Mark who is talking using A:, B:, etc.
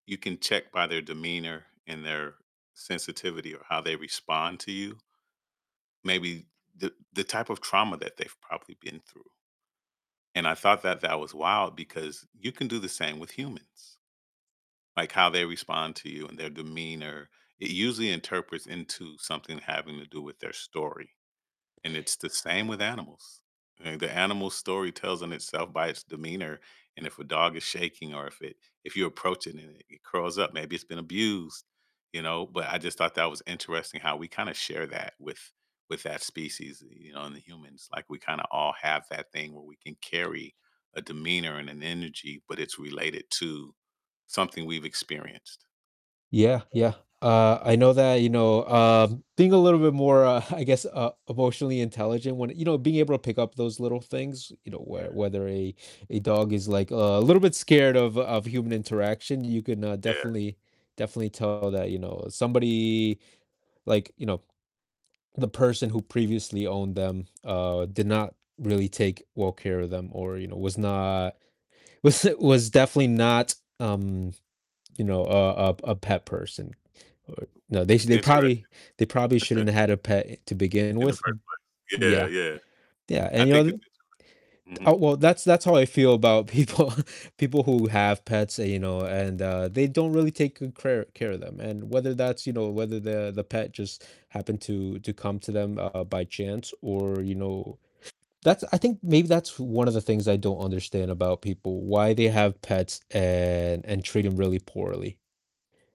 A: You can check by their demeanor and their sensitivity, or how they respond to you maybe the the type of trauma that they've probably been through and I thought that that was wild, because you can do the same with humans, like how they respond to you and their demeanor, it usually interprets into something having to do with their story, and it's the same with animals, eh, the animal's story tells on itself by its demeanor, and if a dog is shaking, or if it if you approach it and it it curls up, maybe it's been abused, you know, but I just thought that was interesting how we kinda share that with with that species, you know, and the humans, like, we kinda all have that thing where we can carry a demeanor and an energy, but it's related to something we've experienced.
B: Yeah, yeah, uh, I know that, you know, um, being a little bit more, uh, I guess, uh, emotionally intelligent when you know, being able to pick up those little things, you know,
A: Yeah.
B: where whether a a dog is, like, uh, a little bit scared of of human interaction, you can, uh,
A: Yeah.
B: definitely definitely tell that, you know, somebody like, you know, the person who previously owned them, uh, did not really take well care of them, or, you know, was not was was definitely not, um, you know, a a p a pet person, or, you
A: W
B: know, they s
A: it's
B: they
A: interesting.
B: probably they probably shouldn't have had a pet e to begin
A: In the
B: with m
A: first place. Yeah,
B: Yeah.
A: yeah.
B: Yeah,
A: I
B: and, you know,
A: think it's
B: the
A: interest
B: Oh,
A: Mhm.
B: well, that's that's how I feel about people people who have pets that, you know and, uh, they don't really take good crare care of them, and whether that's you know, whether the the pet just happened to to come to them, uh, by chance, or, you know That's I think maybe that's one of the things I don't understand about people, why they have pets, and and treat 'em really poorly.